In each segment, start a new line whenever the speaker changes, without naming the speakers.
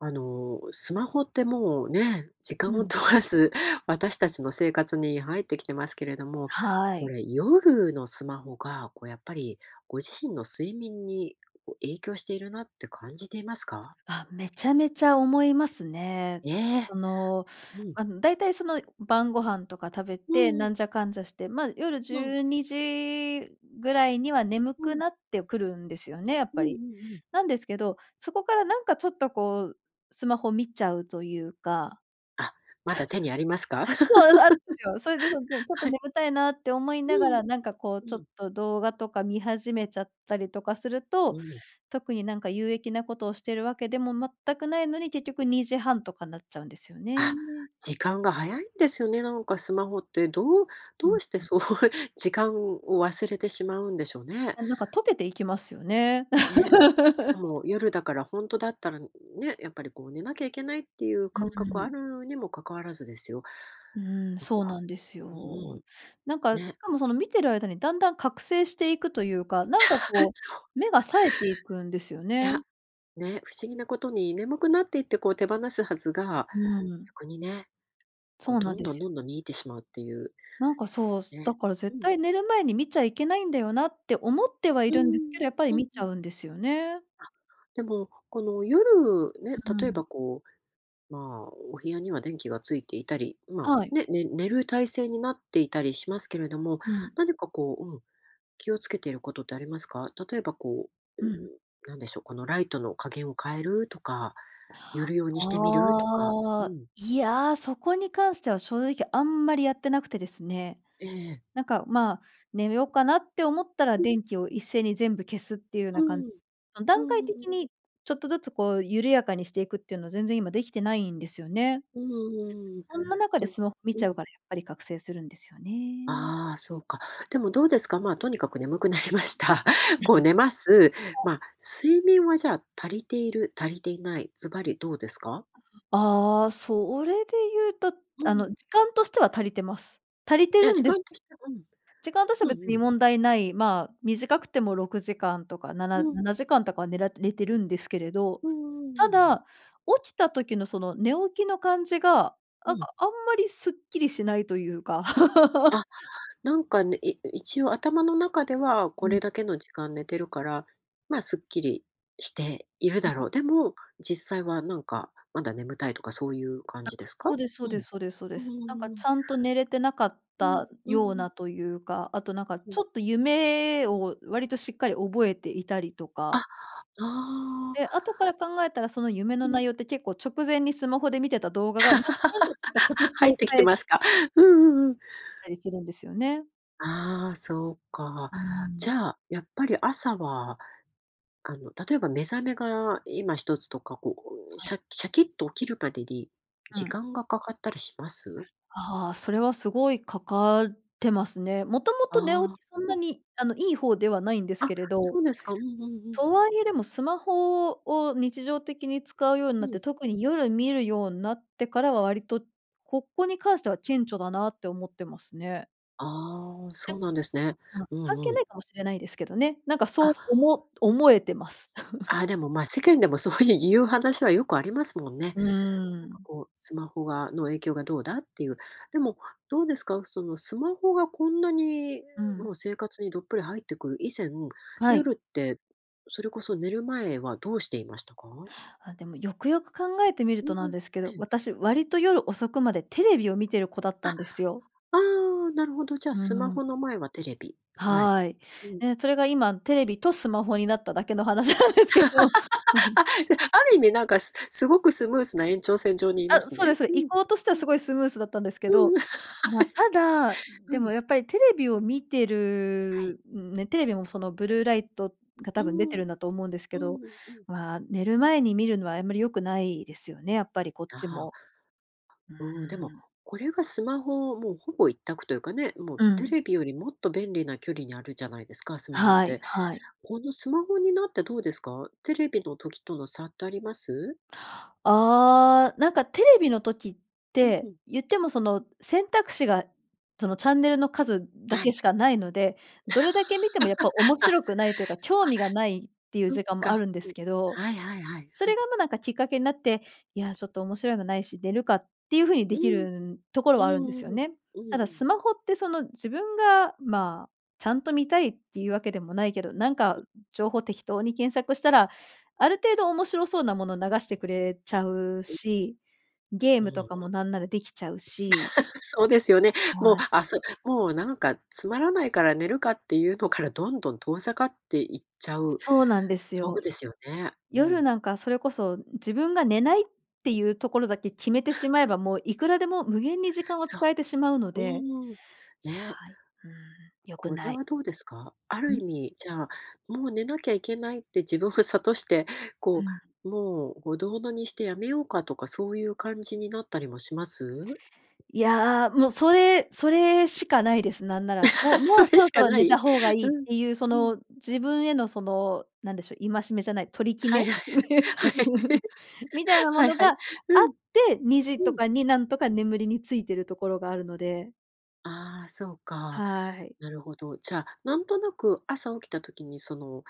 あの、スマホって、もうね、時
う
間を
ん。
とわず私たちの生活に入ってきてますけれども、
は
こ
い。
れ、夜のスマホが、こう、やっぱりご自身の睡眠に、こ、影響しているなって感じていますか？
あ、めちゃめちゃ思いますね。
ええ、
その、
うん。
ま、だいたい、その、晩御飯とか食べ
う
て、
んう
な
ん。
んじゃかんじゃして、ま、夜じ
うん。
ゅうにじぐらいには眠
う
く
ん。
なってくるんですよね、やっ
うん
ぱ
うん
り。
うん。
なんですけど、そこから、なんか、ちょっとこう、スマホ見ちゃうというか。
あ、まだ手にありますか？
そうです、あんですよ。それで、そう、じゃん、ちょっと
はい。
眠たいなって思いなが
うん、
ら、なんか、こう、
う
ちょっ
ん。
と動画とか見始めちゃったりとかする
う
と、
ん。
特に、なんか、有益なことをしてるわけでも全くないのに、結局2時半とかなっちゃうんですよね。
あ、時間が早いんですよね、なんか、スマホって、どう
う
ど
ん
うして、
うん。
そう、時間を忘れてしまうんでしょうね？
なんか溶けていきますよね。
ね、しか も夜だから、ほんとだったらね、やっぱり、こう、寝なきゃいけないっていう
う
感覚
ん
は
う
あ
ん。
るにも関わらずですよ。
うーん。
なん
そう
か、
なんです
うんう
よ。なん
ん、
か、
ね。
しかもその見てる間にだんだん覚醒していくというか、なんか、こ
そう。
う、目が冴えていくんですよ
い
ね。
や、ね、不思議なことに、眠くなっていって、こう、手放すはずが、
うーん。
逆にね、こ
そ
う、
うな
ど
ん
ん
で
どん
す
どん
よ。
どん見入ってしまうっていう。
なんか、そう、す、
ね。
だから
う
絶
ん。
対寝る前に見ちゃいけないんだよなって思ってはい
うー
るんですけ
ん。
ど、やっぱり
うん
見
う
ちゃ
ん。
うんですよね。
あ、でも、この夜ね、
う
例え
ん。
ば、こう、まあ、お部屋には電気がついていたり、ま
は
あ、
い。
ね寝る体勢になっていたりしますけれども、
うん。
何か、こう、うん、気を付けていることってありますか？例えば、こう、
うん。
何でしょう、このライトの加減を変えるとか、夜用にしてみるとか、
あ
う
あ、
ん。
いや、そこに関しては正直あんまりやってなくてですね、
ええ。
なんか、まあ、寝ようかなって思ったら、
うん。
電気を一斉に全部消すっていうよう
う
なかん、
ん。
うん、
う
段
んうん
階
うん。
的にちょっとずつ、こう、緩やかにしていくっていうのは全然今できてないんですよね。
うんうんうん。
そんな中
で
で
も、
スマホ見
う
ちゃう
ん。
から、やっぱり覚醒するんですよね。
ああ、そうか。でもどうですか、まあ、とにかく眠くなりました。こう、寝ます。
あ。
ま、睡眠は、じゃあ足りている、足りていない、ずばりどうですか？
ああ、それで言うと、
うん
あ
う
の、
ん。
時間としては足りてます。足りて
いや、
る
時
んです
間とし
け、
て、うん、
時間としては
う
別
んう
に
ん。
問題ない、まあ、短くても６時間とか、なな、
うん。
７時間とかは、寝られてるんですけれど、
うんうんうんう
た
ん。
だ、起きた時のその寝起きの感じが、
う
あが、
ん。
あんまりスッキリしないというか。
あ、なんかね、い一応頭の中では、こ
うん。
れだけの時間寝てるから、まあ、すっきりしている
う
だ
ん。
ろう。でも、実際は、なんか、まだ眠たいとか、そういう感
あ、
じですか？
そうですそう
う
で
ん、
すそうですそうで
うん
す。なんか、ちゃんと寝れてなかっ
うんうん
た
うんうん。うん。う
よう
んうん。
なというか、あと、なんか、
う
ち
ん。
ょっと夢を割としっかり覚えていたりと
あ、
か
おお。
で、後から考えたら、その夢の
うん。
内容って結構直前にスマホで見てた動画が、なんなんか、ちょっと 形
入っ
を
てき
変
て
え
ま
て
すか？うんうんうん。
ったりするんですよね。
あ、そうか、
う
じ
ん。
ゃあ、やっぱり朝は、あの、例えば目覚めが今一つとか、こうこう、
はい。
シャシャキッと起きるまでに
う
時
ん。
間がかかったりします？
あ、それはすごいかかってますね。もとも
あ
と寝
あ、
起きそん
う
な
ん。
にあの、いい方ではないんです
あ、
けれど、
そうですか。うんうんう
と
ん。
はいえでも、スマホを日常的に使うように
う
なって、
ん。
特に夜見るようんなってからは割と、ここに関しては顕著だなって思ってますね。
あ、
え、
そうなんですね。
あの、
う
関
ん
係
うん。
ないかもしれないですけどね。なんかそう
あ。
おも思えてます。
あ、でも、ま、世間でもそういういう話はよくありますもんね。
う
なんか
ん。
こうスマホがの影響がどうだっていう。でも、どうですか、そのスマホがこんなに
うん。
もう、生活にどっぷり入ってくる以前、
はい。
夜ってそれこそ、寝る前はどうしていましたか？
あ、でもよくよく考えてみる
う
と
ん
な
う
ん
ん、
ですけど、
ええ。
私、割と夜遅くまでテレビを見てる子だっ
あ、
たんですよ。
ああ、なるほど。じゃあ、
う
スマ
ん。
ホの前はテレビ。はい。
はい。
うん。
ね、それが今、テレビとスマホになっただけの話なんですけど。
あ、じゃ、ある意味なんかすすごくスムースな延長線上にいま
あ、
す
そう
ね。
です、そう
ふ
で、移
ん。
行としては
うん。
すごいスムースだったんですけ
うん、
ど、
はい。
ま、ただ、
う
でも
ん。
やっぱりテレビを見て
はい。
る、ね、テレビもその、ブルーライトが
う
多分出て
ん。
るんだと思うんです
う
けど、
んうん。
まあ、寝る前に見るのはあんまり良くないですよね、やっぱりこっ
あ
ち
あ。
も。うー
うん、でも
ん。
これがスマホは、もうほぼ一択というかね、もう
う
テ
ん。
レビよりもっと便利な距離にあるじゃないですか、スマホっ
はい
て。
はい。
このスマホになってどうですか？テレビの時との差ってあります？
あ、なんかテレビの時っ
う
て、
ん。
言ってもその、選択肢がその、チャンネルの数だ
は
け
い。
しかないので、どれだけ見てもやっぱ面
あ、あ、
白くないというか、興味がないっていう
そっ
時間もあ
か。
るんで
う
す
ん。
けど。
はいはいはい。
そ
ふ
れ
ん。
がもう、なんかきっかけになって、「いや、ちょっと面白いのないし、寝るか」っていう風にで
う
きる
ん、
ん、ところ
う
はあるんです
ん
よ
うん、
ね。
うんう
ただス
ん。
マホってその自分がまあ、ちゃんと見たいっていうわけでもないけど、なんか情報適当に検索したら、ある程度面白そうなもの流してくれちゃう
え。
し、ゲー
う
ム
ん
と
う
か
ん。
もなんならできちゃうし
そうですよね。もう、
はい。
あ、そ、もう、なんか、「つまらないから寝るか」っていうのからどんどん、遠ざかっていっちゃう
そうなんです
道具
よ。
ですよね。う
夜
ん。
なんかそれこそ、自分が寝ないっていうところだけ決めてしまえ ば、もういくらでも、無限に時間を
そ
使えてしまうの
う。
で、
うーん、
いや、
ね。
うん、良く
これ
ない。
はどうですか？ある
う
意
ん？
味、じゃあ、もう寝なきゃいけないって自分を諭して、
う
こ
ん。
う、「もう、ほどほどにしてやめようか」とか、そういう感じになったりもします？
いや、もうそれそれしかないです、なんなら。もう も
そ
う、
れ
そろ
し
そ
か
ろ
な
寝た
い？
方がいい
う
っ
ん、
ていうそ
うん。
の、自分へのその、なんでしょ、戒めじゃない、取り決
は
め、
いはいはい。はい。
みたいなも
はい
の
は
があ
い。う
っ
ん。
て、2時と
うん。
かになんとか、眠りについてるところがあるので。
ああ、そうか。
はい。
なるほど、じゃあ、なんとなく朝起きた時にその、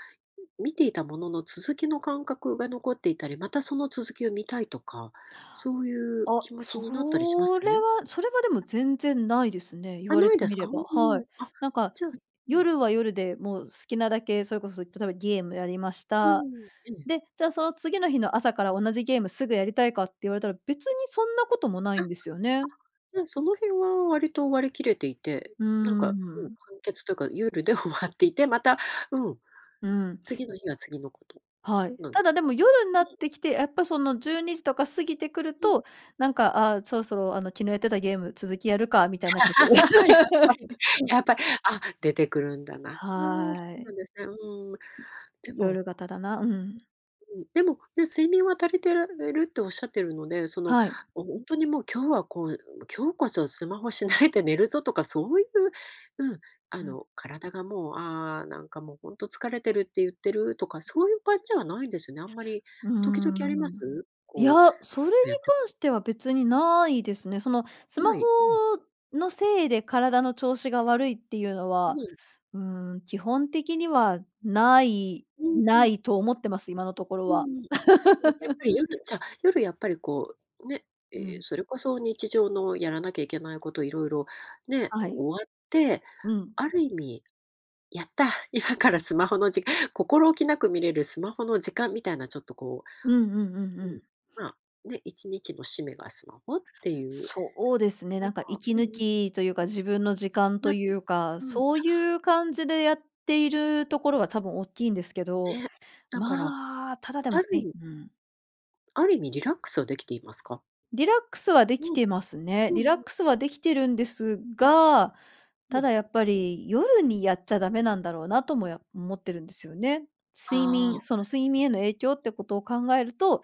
み見ていたものの続きの感覚が残っていたり、またその続きを見たいとか、そういう
あ、
気持ち
そ
になったりしま
れ
す？
は、それはでも全然ないですね。言
あ、
われ
ない
て
で
み
す
れ
か、うん
ば。は
うん。
い。
あ、
なんか、
じゃあすうん。
夜は夜でもう好きなだけ、それこそ例えばゲームやりまし
う
た。
ん、ええ。
で、じゃあその次の日の朝から、同じゲームすぐやりたいかって言われたら、別にそんなこともな
あ、
い
あ、
んですよね。
じゃあ、その辺は割と割り切れていて。
うー
なんかもう
ん。
完結てか、夜で終わっていて、また、うん、
うん。
次の日は次のこと
はい。
なんで
ただ
す
で
ね。
も、夜にな
は
っ
い。
てきて、やっぱその12時とか過ぎてくる
うん。
と、なんか、あ、そろそろあの、昨日やってたゲーム、続きやるかみたいになってくる。
やっぱり、や っぱ、あ、出てくるんだな。ああ、
は
そうな
い。
んですね、うん。でも、う
夜型だな、うんうん。
うん。でも、ね、睡眠は足りてられるって、おっしゃってるので、その、
はい。
もうほんとに、もう今日はこう、今日こそスマホしないで寝るぞとか、そういう、うん、あ
うん。
の体がもう、ああ、なんかもう、ほんと疲れてるって言ってるとか、そういう感じではないんですね、あんまり。
うー
時々あります？
ん。いや、
こう、
そ
ふ
れ
っ
に
とやってく
関しては別に
うん。
ないですね。その、スマ
な
ホ
い。うん。
のせいで、体の調子が悪いっていうの
う
は、
ん。
うーん、基本的にはない、
うん
な
うん。
いと思ってます、今のところ
う
は。
んうん。あ、ね、やっぱ り夜、じゃ、夜やっぱりこう、ね、
う
ええ、
ん。
それこそ日常のやらなきゃいけないこと色々、ね、
はい。
終わって、
うん。
ある意味、やった、今からスマホのじか心置きなく見れるスマホの時間、みたいなちょっとこ
うんうんうん
う、
う
うん、
ん。
まあ、ね、1日の締めがスマホっていう。
そうですね、
なん
なん
か、
か息
うんう
抜
ん。
きというか、自分の時間
な
と
って
い
ま
う
す？
か。
うん。あ、
そういう感
うん。
じでやっているところは、多分大っきいんですけど。
ね。だから、
まあ、ただでも
あ
す
る意
ね、
味
うん。
ある意味リラックスはできていますか？
リラックスはでき
うん。
てますね。
うん
リラッ
うん。
クスはできてるんです
うん。
が、
う
た
ん。
だやっぱり、夜にやっちゃダメなんだろうなともよ思ってるんですよね。睡
あ
眠、
あ。
その睡眠への影響ってことを考えると、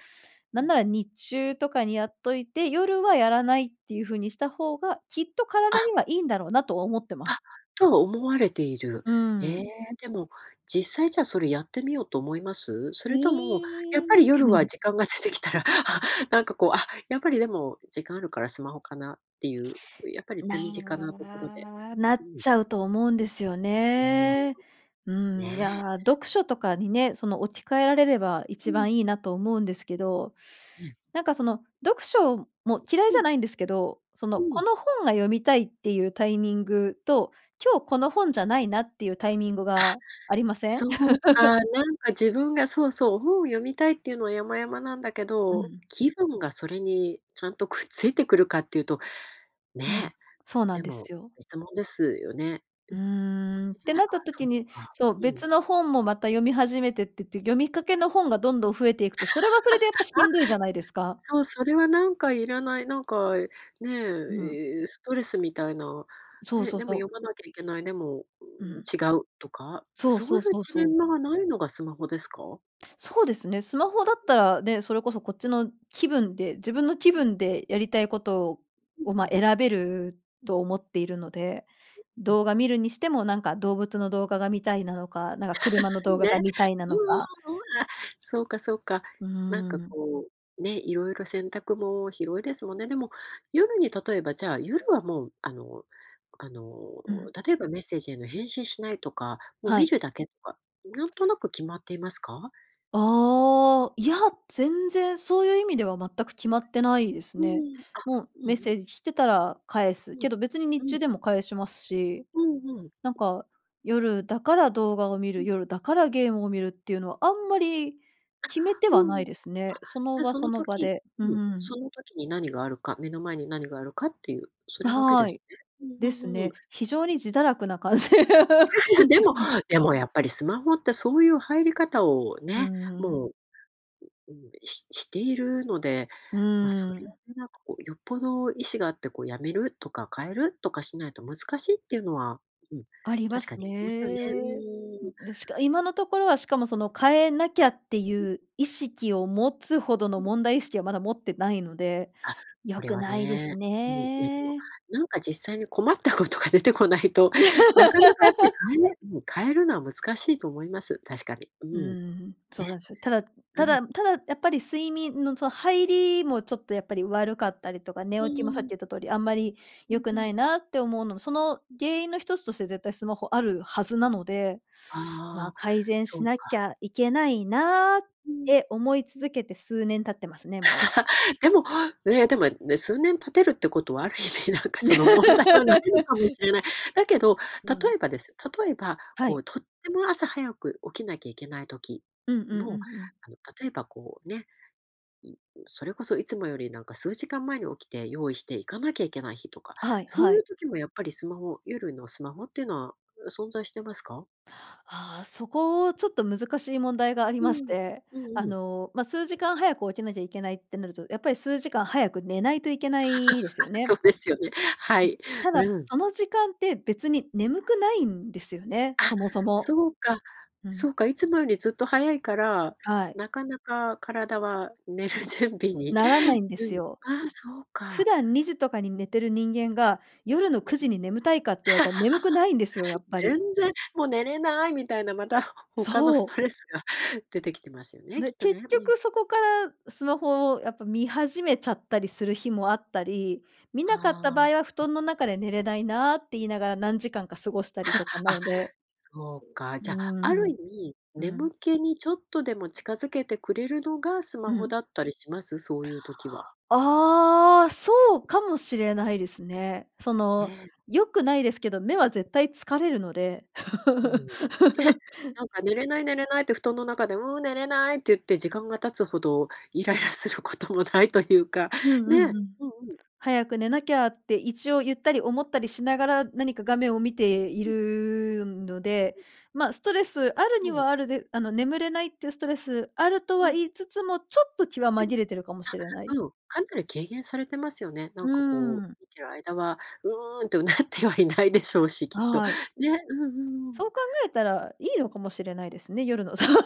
う
なん
ん。
なら日中とかにやっといて、夜はやらないっていう風にした方が、きっと体に
あ。
はいいんだろうなとは思ってま
あ、
す。
とは思われている。
うー
ええ、
ん。
でも、実際じゃあ、それやってみようと思います？そ
い
れとも、やっぱり
い。
夜は 時間がすできたら、あ、なんかこう、あ、やっぱりでも、時間あるからスマホかなっていう、やっぱり
な
手
え
短なところで。
んな
う
っ
ん。
ちゃうと思うんですよ
うーん。
ね。うーん、い
ね。
や、読書とかにね、その置き換えられれば、
う
一
ん。
番いいなと思うんですけど。
い、ええ。
なんかその読書も、嫌い
う
じゃ
ん。
ないんですけど、そ
う
の、
ん。
この本が読みたいっていうタイミングと、今日この本じゃないなっていうタイミング
あ、
がありません？
そう か、なんか自分が、そうそう、本を読みたいっていうのは山々なんだけ
うん
ど、
うん。
気分がそれにちゃんとくっついてくるかっていうと、
うん、
ね。
そうなん
で
で
も、
すよ。
別もんですよね。ね、
うーん、って
あ、
なった
そ
時
っ
に、
か。
そう、
うん。
別の本もまた読み始めてってて、読みかけの本がどんどん増えていくと、それはそれで、やっぱ し
あ、
んどいじゃないですか。
そう、それはなんかいらない。なんか、ね、
うん。
いいストレスみたいな、
そう
ね。
そう
でも
そう。
読まなきゃいけない、でも
うん。
違うとか、
そう
そう
そ
い
う
う
そう
ジレ
そう。
ンマがないのがスマホですか？
そうですね。スマホだっ
う
た
ん。
らね、それこそこっちの気分で、自分の気
うん。
分でやりたいことを
うん、
を、
う
ま、
ん。
選べる
うん。
と思っているので。
うん、うん。
動画見るにしても、なんか動物の動画が見たいなのか、なんか車の動 画
ね、
が見たいな
う
の
んうん
か。
うんうんうん、あ、そうかそうか。
う
なん
ー
か
ん。
こう、ね、いろいろ選択も広いですもんね。でも、夜に例えば、じゃあ夜はもう、あの、あの、
うん。
例えばメッセージへの返信しないとか、もう
は
見
い。
るだけとか、なんとなく決まっていますか？
ああ。いや、全然そういう意味では、全く決まってないです
うんう
ね。
ん、あ、
もう
うんう
メッセ
ん。
ージ来てたら返
う
す。
ん、
けど別に
う
日
ん。
中でも返しますし。
うんうん。
なんか、夜だから動画を見
う
る、
ん。
夜だからゲームを見るっていうのは、あんまり
あ、
決めては
う
な
ん。
い
あ、
ですね。その
じゃ
場、
そ
そ
の
の場
時、
で。う
う
ん
ん、
う
そ
ん。
の時に何があるか、目の前に何があるかっていう、それだけで
は
す
い。
ね。う
で
んう
す
んうんうん。
ね。非常に自堕落な感じ。
でも、でもやっぱり、スマホってそういう入り方を
う
ね、
んうんうん。
もう、ううん、ししているので、
う
ま、そ
ー
れを
ん。
なんかこう、よっぽど意思があってこう、止めるとか変えるとかしないと難しいっていうのは、うん、
ありま
確か
す
にありますよね。うんう
ね。ん、
んうんうん。
でしか、今のところは、しかもその変えなきゃって
うん。
いう意識を持つほど
う
の、
ん。
問題意識はまだ持ってないので。
あ、
良
これ
く
は
ないです
ね、うん。いやでも、
ね。
なんか実際に困ったことが出てこないと、なかなかやっぱり 変えれうん。変えるのは難しいと思います、確かに。う
うー
ん。
ん、そうな
ね。
んですよ。ただ
う
た
ん。
だただやっぱり、睡眠のその入りもちょっとやっぱり悪かったりとか、寝
う
起きもさ
ー
っき
ん。
言った通り、あんまり
うん
良く
う
な
ん。
いなって思うのも、その原因の一つとして、絶対スマホあるはずなので。
あ
まあ、
あ、
改善
そ
し
う
なき
か。
ゃいけないな、っ
うん。
て思い続けて数年経ってますね、もう。
でも、ね、でもね、数年経てるってことは、ある意味なんかその、問題はないの かもしれない。だけど、
う
例
ん。
えばです、例えば、
は
こう
い。
とっても朝早く起きなきゃいけない時
うんうんうん
も、
うん。
あの例えばこうね、うんうん、それこそいつもより、なんか数時間前に起きて、用意して行かなきゃいけない日とか、
はい、
そう
は
い
い。
う時もやっぱりスマホ、夜のスマホっていうのは、う存在してますか？
ああ、そこ、ちょっと難しい問題があり
う
まし
ん、
て。
うん
あ
うん。
の、ま、数時間早く起きなきゃいけないってなると、やっぱり数時間早く寝ないといけないですよ ね。
そうですよね、は
うん。
い。
ただ、
うん。
その時間って、別に眠くないんですよね、
あ、
そもそも。
そうか、
うん。
そうか、いつもよりずっと早いから、
はい。
なかなか体は寝る
うう
準備
ん。ん、
に。
ならないんで
う
す
ん。
よ。
ああ、そう
普
か。
段2時とかに寝てる人間が、夜の
うん。
9時に眠たいかって言われたら、眠くないんですよ、やっ ぱ
全
り。
然もう寝れないみたいな。またほ他の
そ
ス
う。
トレスが出てきてますよね、き
で、
っと
結
ね。うん。
局そこから、スマホをやっぱ見始めちゃったりする日もあったり。見なかった
ああ。う
場
ん。
合は、布団の中で寝れないなって言いながら、何時間か過ごしたりとか な
あ、
ので。
そうか。
う
じゃ、あ
ー
る意
ん、
味、
うん。
眠気にちょっとでも近づけてくれるのが、ス
う
マホ
ん。
だったりします？そういう時は。
ああ、そうかもしれないですね。そ
え
の、
え。
良くないですけど、目は絶対疲れるので。う
うん、ね、
ん。
なんか寝れない寝れないって布団の中で、うん、寝れないって言って、時間が経つほど、イライラすることもないというか、
うん
ね。
うんうん。
うんうん。
早く寝なきゃって、一応言った
う
り
ん。
思ったりしながら、何か画面を見てい
うん。
るので。
うん。
ま、ストレスある
は
に
い。
はあるで、あの眠れないっていうストレス、あると
う
は
ん。
言いつつも、ちょっと気は
う
紛れてるかもしれない。
ん、あ、うん、かなり軽減されてますよね。なんかこ
うん。
う見てる間は、うーんと唸ってはいないでしょうし、きっと。
はい。
ね。うんうんう
そ
ん。
う考えたら、いい
う
の
ん。
かもしれないですね、夜の、そう。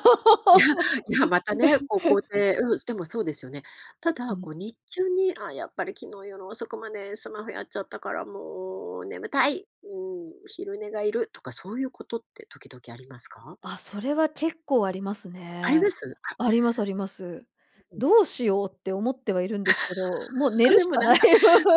いやいや、またね、こう肯 定、うん、すでもそうですよね。た
う
だ、
ん。
こう日中に、「あ、やっぱり昨日夜遅くまで、スマホやっちゃったから、もう眠たい、うん、昼寝がいる」とかそういうことって時々ありますか？
あ、それは、結構あります
あり
ね。
ます？あ。
ありますあります。
ううん。
どうしようって思ってはいるんですけど、もう寝
あ、
る
で
し
も
か
なん
ない。
か、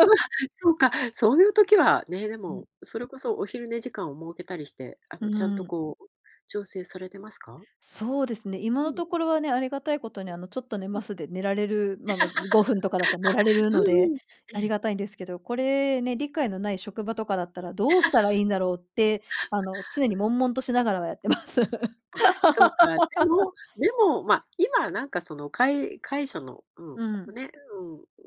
う ん、そうか、そういう時はね、で
うん。
も、それこそお昼寝時間を設けたりして、あ
う
のちゃんと
ーん。
こう、調整されてますか？
そうですね、今
う
の
んう
と
ん。
ころはね、ありがたいことに、あの、ちょっと寝
うん、
ま
うん。
す、で寝られる。ま、ま、5分とかだったら寝られ る
あ、う
の
ん
で、
うん。
あ
え
り
え。
がたいんですけど。これ、ね、理解のない職場とかだったら、どうしたらいいんだろうって、あ の、常に悶々としながらはやってます。
あ、そうか。で も、でも、ま、今なんかそのかいかいしょの、うん、
う
こう
ん。
ね、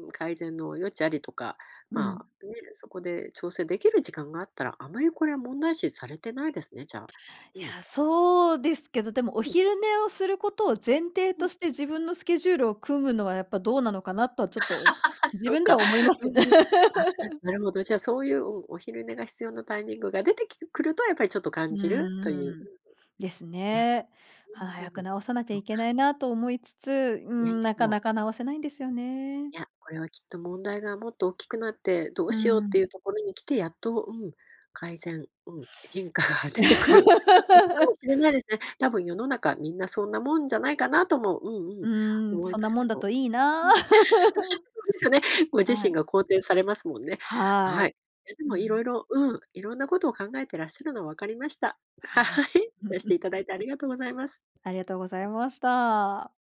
うん、改善の余地ありとか、
う
ま
ん。
あ、ね、そこで調整できる時間があったら、あまりこれは問題視されてないですね、じゃあ。う
い
ん。
や、そうですけど、でもお
うん。
昼寝をすることを前提
う
と
ん。
して、自分のスケジュールを組むのは、やっぱどうなのかなとは、ちょっと、自
そう
分で
か。
は思います
う
よね。
んうん、ああ、なるほど、じゃあそういう、おお昼寝が必要なタイミングが出てきるくると、やっぱりちょっと
う
感
ん
じると
う
い
んう
う。
ん。ですね。あ、
うんう
早
ん。ね、うんう
く
ん。
直さなきゃ
そう
いけ
か。
ないなと思いつつ、うー
いやい
ん、
や、
な
で
か
も
なか直せないんですよね。
いや、これはきっと問題がもっと大きくなって、どう
うー
しようってい
ん。
うところに来て、やっと、うん、改善、うん、変化が出てくることかも しれないですね。たぶん世の中みんな、そんなもんじゃないかなとも、うんう
う
ん、
ーん、
思い
そん
ま
な
す
も
け
んだ
ど。うん。
といいな。
そうですよね。ご自
は
身
い。
が肯定されますもんね。
は
はい。
い。
いやで
う
も色
ん。
々、うん、色んなことを考えてらっしゃるのは分かりました。はい、
はい。
シェアしてい ただいてありがとうございます。
ありがとうございました。